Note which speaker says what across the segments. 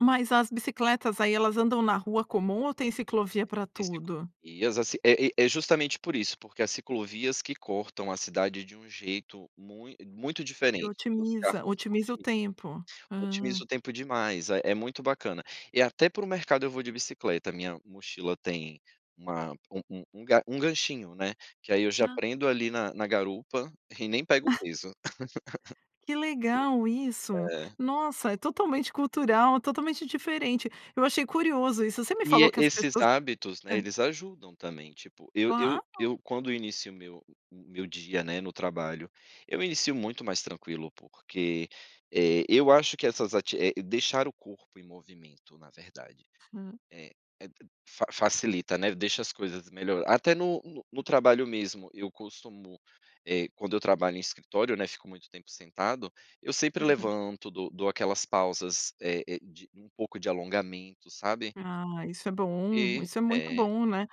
Speaker 1: Mas as bicicletas aí, elas andam na rua comum ou tem ciclovia para
Speaker 2: Tem
Speaker 1: tudo?
Speaker 2: ciclovias, assim é é justamente por isso, porque as ciclovias que cortam a cidade de um jeito muito muito
Speaker 1: E
Speaker 2: diferente, e os carros
Speaker 1: otimiza, otimiza o
Speaker 2: otimiza
Speaker 1: tempo.
Speaker 2: Otimiza o tempo demais, eh, é muito bacana. E até para o mercado eu vou de bicicleta, a minha mochila tem uma um um um ga um ganchinho, né, que aí eu já
Speaker 1: Ah.
Speaker 2: prendo ali na na garupa, e nem pego peso.
Speaker 1: Que legal isso.
Speaker 2: É.
Speaker 1: Nossa, é totalmente cultural, totalmente diferente, eu achei curioso isso, você me
Speaker 2: E
Speaker 1: falou
Speaker 2: e
Speaker 1: que as
Speaker 2: esses
Speaker 1: pessoas
Speaker 2: hábitos, né,
Speaker 1: hã.
Speaker 2: eles ajudam também, tipo, eu eu
Speaker 1: Claro.
Speaker 2: eu quando eu inicio o meu o meu dia, né, no trabalho, eu inicio muito mais tranquilo porque, eh, eu acho que essas ativi eh, deixar o corpo em movimento na verdade.
Speaker 1: Hã.
Speaker 2: Eh, etro fa facilita, né, deixa as coisas melhor até no no trabalho mesmo, eu costumo, eh, quando eu trabalho em escritório, né, fico muito tempo sentado, eu sempre
Speaker 1: Aham.
Speaker 2: levanto dou dou aquelas pausas, eh eh, de um pouco de alongamento, sabe.
Speaker 1: Ah, isso é bom,
Speaker 2: E
Speaker 1: isso é muito
Speaker 2: É.
Speaker 1: bom, né.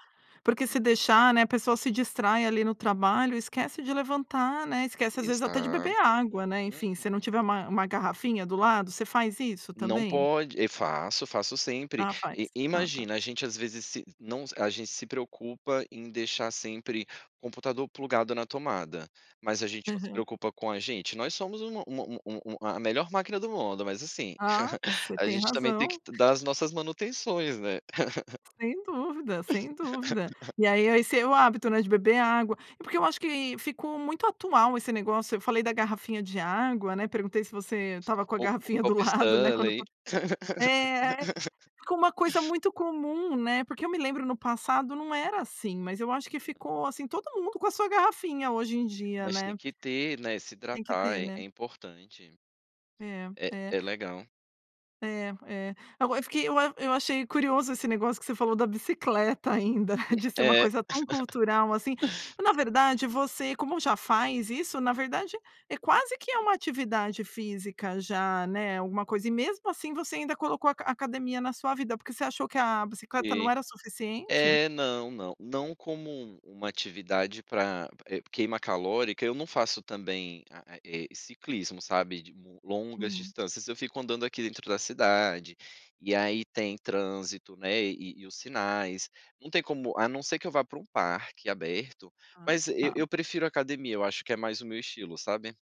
Speaker 1: Porque se deixar, né, a pessoa se distrai ali no trabalho, esquece de levantar, né, esquece às vezes até de beber
Speaker 2: Exato.
Speaker 1: água, né, enfim, se não
Speaker 2: Uhum.
Speaker 1: tiver uma uma garrafinha do lado, você faz isso
Speaker 2: Não
Speaker 1: também?
Speaker 2: pode e faço, faço sempre.
Speaker 1: Ah, faz.
Speaker 2: E,
Speaker 1: Ah tá.
Speaker 2: imagina, a gente às vezes se não, a gente se preocupa em deixar sempre o computador plugado na tomada, mas a gente não se
Speaker 1: Aham.
Speaker 2: preocupa com a gente, nós somos uma uma uma uma a melhor máquina do mundo, mas assim,
Speaker 1: Ah, você
Speaker 2: a
Speaker 1: tem
Speaker 2: gente também tem que
Speaker 1: razão.
Speaker 2: ti dar as nossas manutenções, né.
Speaker 1: Sem dúvida, sem dúvida. E aí, a esse é o hábito, né, de beber água é porque eu acho que ficou muito atual esse negócio, eu falei da garrafinha de água, né, perguntei se você estava com a
Speaker 2: O o
Speaker 1: garrafinha do
Speaker 2: copo
Speaker 1: lado né, quando
Speaker 2: Stanley.
Speaker 1: fal é, ficou uma coisa muito comum, né, porque eu me lembro no passado, não era assim, mas eu acho que ficou, assim, todo mundo com a sua garrafinha hoje em dia,
Speaker 2: Mas tem
Speaker 1: né.
Speaker 2: que ter, né, se
Speaker 1: Tem que
Speaker 2: hidratar
Speaker 1: ter,
Speaker 2: é
Speaker 1: né.
Speaker 2: é importante.
Speaker 1: É,
Speaker 2: É
Speaker 1: é.
Speaker 2: é legal.
Speaker 1: É, é, agora eu fiquei eu eu achei curioso esse negócio que você falou da bicicleta ainda, de ser uma
Speaker 2: É.
Speaker 1: coisa tão cultural, assim na verdade, você, como já faz isso, na verdade, é quase que é uma atividade física já, né, alguma coisa e mesmo assim, você ainda colocou aca academia na sua vida, porque você achou que a bicicleta não
Speaker 2: Sim.
Speaker 1: era suficiente?
Speaker 2: É, não, não. Não como um uma atividade para, eh, queima calórica, eu não faço também, a a eh, ciclismo sabe, de longas
Speaker 1: Hum.
Speaker 2: distâncias, eu fico andando aqui dentro da cidade, e aí tem trânsito, né, e e, os sinais, não tem como a não ser que eu vá para um parque aberto,
Speaker 1: Ah,
Speaker 2: mas eu
Speaker 1: ta.
Speaker 2: eu prefiro academia, eu acho que é mais o meu estilo, sabe.